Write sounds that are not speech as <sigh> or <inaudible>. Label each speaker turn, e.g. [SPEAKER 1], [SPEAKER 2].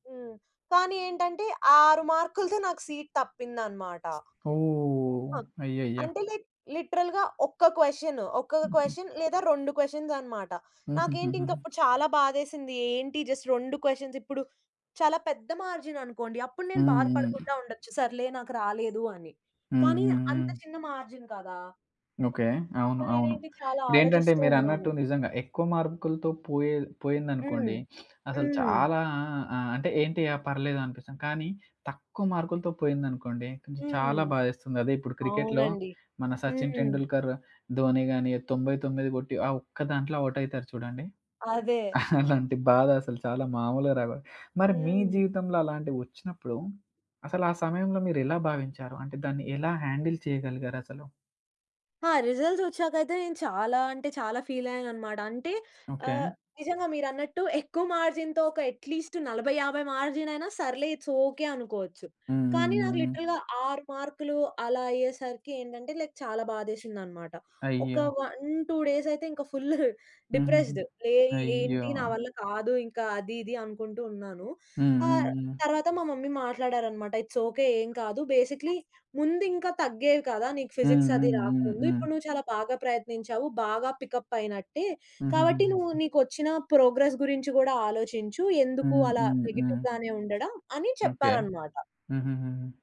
[SPEAKER 1] హ్మ్. కానీ ఏంటంటే 6 మార్కులతో నాకు సీట్ తప్పిందన్నమాట.
[SPEAKER 2] ఓహ్!
[SPEAKER 1] ఆహ్,
[SPEAKER 2] అయ్యయ్య!
[SPEAKER 1] అంటే లైక్ లిటరల్‌గా 1 క్వషన్ 1
[SPEAKER 2] హుహు.
[SPEAKER 1] క్వషన్ లేదా 2 క్వషన్స్ అన్నమాట. నాకేంటింక
[SPEAKER 2] హుహుహూహు.
[SPEAKER 1] అప్పుడు చాలా బాధేసింది. ఏంటి జస్ట్ 2 క్వషన్స్ ఇప్పుడు చాలా పెద్ద మార్జిన్ అనుకోండి, అప్పుడు నేను బాధ
[SPEAKER 2] హుహు.
[SPEAKER 1] పడకుండా ఉండొచ్చు సర్లే నాకు రాలేదు, అని కానీ అంత
[SPEAKER 2] హుహుహు.
[SPEAKER 1] చిన్న మార్జిన్ కదా!
[SPEAKER 2] ఓకే.
[SPEAKER 1] సో,
[SPEAKER 2] అవును. అవును.
[SPEAKER 1] నేనేంటి చాలా
[SPEAKER 2] ఇపుడేంటంటే
[SPEAKER 1] ఆలోచిస్తూ
[SPEAKER 2] మీరన్నట్టు
[SPEAKER 1] ఉన్నాను.
[SPEAKER 2] నిజంగా ఎక్కువ మార్కులతో పోయే
[SPEAKER 1] హ్మ్.
[SPEAKER 2] పోయిందనుకోండి. <sniffs> అసలు
[SPEAKER 1] హ్మ్.
[SPEAKER 2] చాలా ఆ! అంటే ఏంటి అ పర్లేదనిపిస్తది. కానీ తక్కువ మార్కులతో పోయిందనుకోండి కొంచం
[SPEAKER 1] హ్మ్.
[SPEAKER 2] చాలా బాధేస్తుంది. అదే ఇప్పుడు క్రికెట్‌లో
[SPEAKER 1] అవునండి.
[SPEAKER 2] మన సచిన్
[SPEAKER 1] హ్మ్.
[SPEAKER 2] టెండూల్కర్, ధోని గాని 99 కొట్టి ఆ ఒక్క దాంట్లో ఔట్ అయితరు చూడండి.
[SPEAKER 1] అదే.
[SPEAKER 2] <chuckles> అలాంటి బాధ అసలు చాలా మామూలుగా రాదు. మరి మీ
[SPEAKER 1] హ్మ్.
[SPEAKER 2] జీవితంలో అలాంటివోచ్చినప్పుడు అసలు ఆ సమయంలో మీరెలా భావించారు అంటే దాన్ని ఎలా హ్యాండిల్ చేయగలిగారసలు?
[SPEAKER 1] ఆ! రిజల్ట్స్ వచ్చాకైతే నేను చాలా అంటే చాలా ఫీలయ్యానన్నమాట. అంటే
[SPEAKER 2] ఓకే.
[SPEAKER 1] ఆహ్, నిజంగా మీరన్నట్టు ఎక్కువ మార్జిన్‌తో ఒక ఎట్‌లీస్ట్ 40, 50 మార్జిన్ అయినా సర్లే ఇట్స్ ఓకే అనుకోవచ్చు. కానీ నాకు
[SPEAKER 2] హుహుహుహు.
[SPEAKER 1] లిటరల్‌గా 6 మార్కులు అలా అయ్యేసరికి ఏంటంటే లైక్ చాలా బాధేసిందన్నమాట. ఒక
[SPEAKER 2] అయ్యో!
[SPEAKER 1] 1, 2 డేస్ అయితే ఇంక ఫుల్
[SPEAKER 2] హుహుహు.
[SPEAKER 1] డిప్రెస్స్‌డ్. ఏయ్!
[SPEAKER 2] అయ్యో!
[SPEAKER 1] ఏంటి నా వల్ల కాదు ఇంక అది ఇది అనుకుంటూ ఉన్నాను. ఆ
[SPEAKER 2] హుహుహు.
[SPEAKER 1] తరువాత మా మమ్మీ మాట్లాడారన్నమాట. "ఇట్స్ ఓకే ఏమి కాదు. బేసిక్‌లీ ముందింకా తగ్గేది కాదా! నీకు ఫిజిక్స్ అది రాకముందు.
[SPEAKER 2] హుహుహుహు.
[SPEAKER 1] ఇప్పుడు నువ్వు చాలా బాగా ప్రయత్నించావు. బాగా పికప్ అయినట్టే. కాబట్టి నువ్వు
[SPEAKER 2] హుహుహు.
[SPEAKER 1] నిక్కొచ్చిన ప్రోగ్రెస్ గురించి కూడా ఆలోచించు, ఎందుకు అలా
[SPEAKER 2] హుహుహు.
[SPEAKER 1] నెగెటివ్ గానే ఉండడం." అని
[SPEAKER 2] ఓకే.
[SPEAKER 1] చెప్పారన్నమాట.
[SPEAKER 2] హుహుహుహు.